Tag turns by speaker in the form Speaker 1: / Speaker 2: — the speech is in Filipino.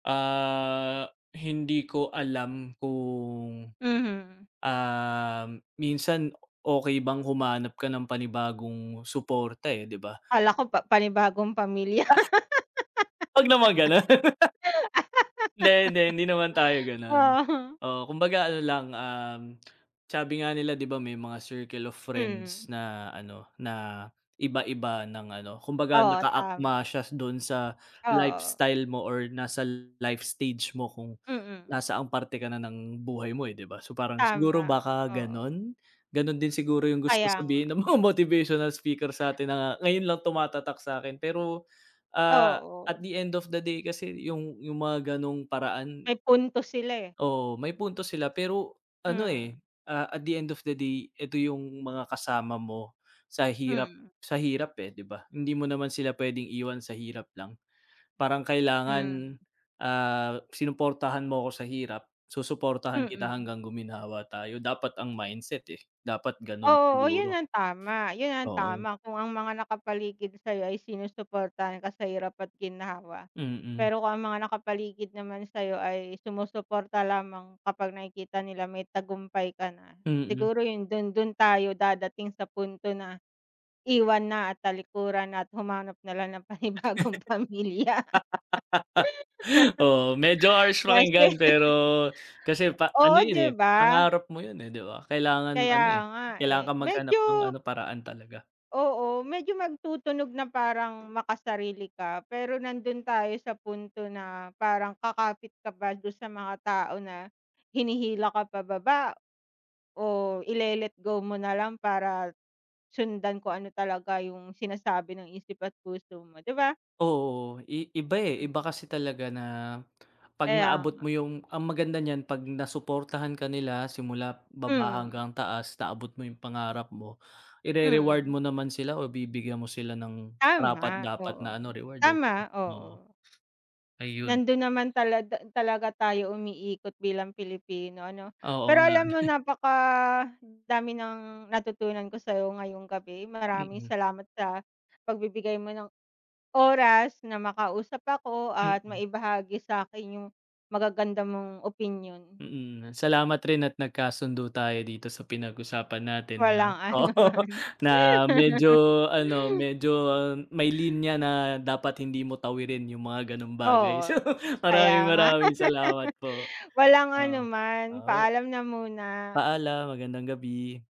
Speaker 1: Ah, hindi ko alam kung,
Speaker 2: Mhm.
Speaker 1: um, minsan okey bang humanap ka ng panibagong supporta, eh, 'di ba?
Speaker 2: Kala ko pa panibagong pamilya.
Speaker 1: Wag naman ganun. Hindi, hindi, hindi naman tayo gano'n.
Speaker 2: Ah, hmm.
Speaker 1: Oo, kumbaga ano lang, um, sabi nga nila 'di ba may mga circle of friends
Speaker 2: Mm.
Speaker 1: na ano, na iba iba ng ano, kumbaga
Speaker 2: Oo,
Speaker 1: naka
Speaker 2: tama.
Speaker 1: akma siya dun sa
Speaker 2: Oo.
Speaker 1: lifestyle mo or nasa life stage mo kung
Speaker 2: Mm.
Speaker 1: nasaang parte ka na ng buhay mo, eh, 'di ba, so, parang siguro
Speaker 2: Tama
Speaker 1: baka
Speaker 2: oo.
Speaker 1: gan'on? Gano'n din siguro yung gusto
Speaker 2: Kaya nga.
Speaker 1: sabihin ng mga motivational speaker satin na ngayon lang tumatatak sakin pero, ah, at
Speaker 2: Oo.
Speaker 1: the end of the day kasi yung, yung mga ganung paraan
Speaker 2: May punto sila, eh.
Speaker 1: Oo, may punto sila pero ano, eh,
Speaker 2: Mhm.
Speaker 1: ah, at the end of the day eto yung mga kasama mo sa hirap,
Speaker 2: Mm.
Speaker 1: sa hirap, eh, 'di ba. Hindi mo naman sila p'wedeng iwan sa hirap lang, parang kailangan,
Speaker 2: Mhm.
Speaker 1: ah, sinuportahan mo ko sa hirap, susuportahan kita
Speaker 2: Mm.
Speaker 1: hanggang guminawa tayo dapat ang mindset, eh, dapat gano'n
Speaker 2: Oo, yun
Speaker 1: siguro
Speaker 2: ang tama, yun ang
Speaker 1: Oo.
Speaker 2: tama kung ang mga nakapaligid sa'yo ay sinusuportahan ka sa hirap at ginhawa,
Speaker 1: Mm.
Speaker 2: pero kung ang mga nakapaligid naman sa'yo ay sumusuporta lamang kapag nakikita nila may tagumpay ka na
Speaker 1: Mm.
Speaker 2: siguro yung dun, dun tayo dadating sa punto na iwan na at talikuran na at humanap nalang ng panibagong pamilya.
Speaker 1: Oo, medyo harsh
Speaker 2: Kase
Speaker 1: pakinggan pero kasi pa ano
Speaker 2: Oo
Speaker 1: yun,
Speaker 2: di
Speaker 1: eh,
Speaker 2: ba?
Speaker 1: pangarap mo yun, eh, 'di ba kailangan
Speaker 2: Kaya
Speaker 1: ano, eh,
Speaker 2: nga,
Speaker 1: kailangan
Speaker 2: eh,
Speaker 1: kang maghanap ng
Speaker 2: medyo
Speaker 1: ano, paraan talaga.
Speaker 2: Oo, medyo magtutunog na parang makasarili ka pero nandun tayo sa punto na parang kakapit ka pa dun sa mga tao na hinihila ka pa baba. O ile let go mo nalang para sundan kung ano talaga yung sinasabi ng isip at puso mo, 'di ba?
Speaker 1: Oo, i iba, eh, iba
Speaker 2: Mm.
Speaker 1: kasi talaga na pag
Speaker 2: Kaya
Speaker 1: naabot
Speaker 2: nga.
Speaker 1: mo yung ang maganda niyan pag nasuportahan ka nila simula baba
Speaker 2: Mm.
Speaker 1: hanggang taas, naabot mo yung pangarap mo, ire-reward
Speaker 2: Mm.
Speaker 1: mo naman sila o bibigyan mo sila ng
Speaker 2: Tama,
Speaker 1: karapat-dapat
Speaker 2: oo.
Speaker 1: na ano reward, eh, 'di ba?
Speaker 2: Tama, oo.
Speaker 1: Ayun.
Speaker 2: Nandun naman talada talaga tayo umiikot bilang Pilipino ano,
Speaker 1: Oo
Speaker 2: pero
Speaker 1: nga.
Speaker 2: alam mo napakadami ng natutunan ko sayo ngayong gabi maraming
Speaker 1: Mm.
Speaker 2: salamat sa pagbibigay mo ng oras na makausap ako at
Speaker 1: Mm.
Speaker 2: maibahagi sakin yung magaganda mong opinyon.
Speaker 1: Mm, salamat rin at nagkasundo tayo dito sa pinag-usapan natin na
Speaker 2: Walang ano
Speaker 1: oo
Speaker 2: naman.
Speaker 1: na medyo ano, medyo may linya na dapat hindi mo tawirin yung mga ganung bagay.
Speaker 2: Oo, kaya
Speaker 1: Maraming,
Speaker 2: nga.
Speaker 1: maraming salamat po,
Speaker 2: Walang ano
Speaker 1: oo,
Speaker 2: man,
Speaker 1: oo.
Speaker 2: paalam na muna.
Speaker 1: Paalam. Magandang gabi.